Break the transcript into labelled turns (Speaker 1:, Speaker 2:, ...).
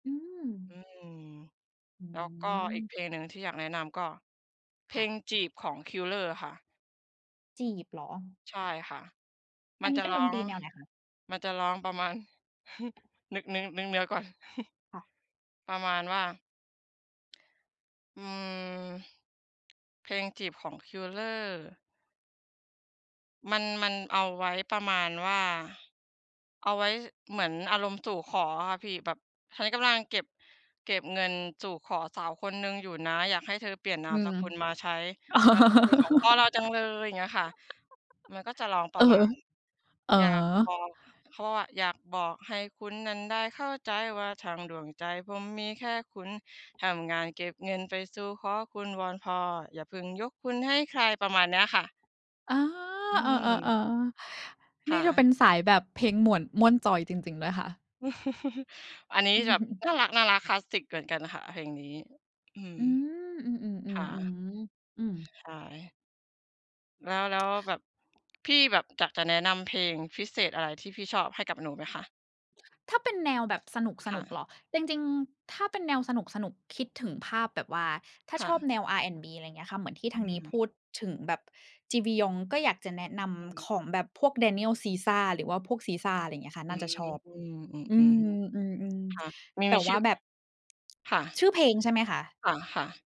Speaker 1: อื
Speaker 2: อ
Speaker 1: อ
Speaker 2: ืม
Speaker 1: อ
Speaker 2: แล้วก็อี
Speaker 1: ื
Speaker 2: ก
Speaker 1: อ
Speaker 2: เพลงหนึ่งที่อยากแนะนำก็เพ
Speaker 1: ค
Speaker 2: ล
Speaker 1: ่ะ
Speaker 2: ง "จีบ" ของ Qler อะค่ะ
Speaker 1: จีบเหรอ?
Speaker 2: ใช่ค่ะ ม
Speaker 1: อ
Speaker 2: ั
Speaker 1: ัน
Speaker 2: น
Speaker 1: นี้
Speaker 2: จะ
Speaker 1: เป็
Speaker 2: ร
Speaker 1: น
Speaker 2: ้อ
Speaker 1: ดนต
Speaker 2: ง
Speaker 1: รีแนวไหนคะ?
Speaker 2: มันจะร้องประมาณ นึก นึก นึกเนื้อก่อน
Speaker 1: ค่ะ
Speaker 2: ประมาณว่า อืม เพลง "จีบ" ของ Qler มัน มันเอาไว้ประมาณว่า เอาไว้เหมือนอารมณ์สู่ขออะค่ะพี่ แบบฉันกำลังเก็บ เก็บเงินสู่ขอสาวคนหนึ่งอยู่นะ อยากให้เธอเปลี่ยนนา
Speaker 1: อื
Speaker 2: มส
Speaker 1: ม
Speaker 2: กุลมาใช้นามสกุลของพ่อเราจังเลย อย่างเงี้ยค่ะ มันก็จะร้องป
Speaker 1: เอ
Speaker 2: ร
Speaker 1: อ
Speaker 2: ะมาณ
Speaker 1: เออ
Speaker 2: อยากบอกเขาว่า อยากบอกให้คุณนั้นได้เข้าใจว่าทั้งดวงใจผมมีแค่คุณ ทำงานเก็บเงินไปสู่ขอคุณวอนพ่ออย่าพึ่งยกคุณให้ใคร ประมาณนี้ค่ะ
Speaker 1: อา
Speaker 2: อื
Speaker 1: อ
Speaker 2: ม
Speaker 1: า ๆ
Speaker 2: ค
Speaker 1: ๆ น
Speaker 2: ่
Speaker 1: ี่จะเ
Speaker 2: ะ
Speaker 1: ป็นสายแบบเพลงหม่วน ม่วนจอยจริง ๆ นะคะ
Speaker 2: อันนี้จะแบบน่ารัก ๆ คลาสสิกเหมือนกันค่ะเพลงนี้ อืม
Speaker 1: อืม อื
Speaker 2: ค
Speaker 1: ม
Speaker 2: ่ะ
Speaker 1: ๆ ๆ ๆ อืม
Speaker 2: ใช่ แล้ว แล้วแบบ พี่แบบอยากจะแนะนำเพลงพิเศษอะไรที่พี่ชอบให้กับหนูไหมคะ?
Speaker 1: ถ้าเป็นแนวแบบส
Speaker 2: ค
Speaker 1: น
Speaker 2: ่
Speaker 1: ุก
Speaker 2: ะ
Speaker 1: ๆ เหรอ จริง ๆ ถ้าเป็นแนวสนุก ๆ คิดถึงภาพแบบว่า ถ้า
Speaker 2: ค่
Speaker 1: ชอบ
Speaker 2: ะ
Speaker 1: แนว R&B อะไรอย่างเงี้ยค่ะ เหมือนที่
Speaker 2: อ
Speaker 1: ทางนี้
Speaker 2: ือ
Speaker 1: พูดถึงแบบจีบียอง ก็อยากจะแนะน
Speaker 2: อือฮึ
Speaker 1: ำของแบบพวก Daniel Caesar หรือว่าพวก Caesar อะไรอย่างเงี้ยค่ะ
Speaker 2: อื
Speaker 1: น่า
Speaker 2: อ
Speaker 1: จะชอบ
Speaker 2: ๆ อ
Speaker 1: อ
Speaker 2: อ
Speaker 1: ื
Speaker 2: ือ
Speaker 1: อ อือ
Speaker 2: ค่ะ มี
Speaker 1: ๆ แต
Speaker 2: มี
Speaker 1: ่
Speaker 2: ช
Speaker 1: ว
Speaker 2: ื
Speaker 1: ่
Speaker 2: ่
Speaker 1: า
Speaker 2: อ
Speaker 1: แบบ
Speaker 2: ค่ะ
Speaker 1: ชื่อเพลงใช่ไหมคะ?
Speaker 2: ค่ะ ๆ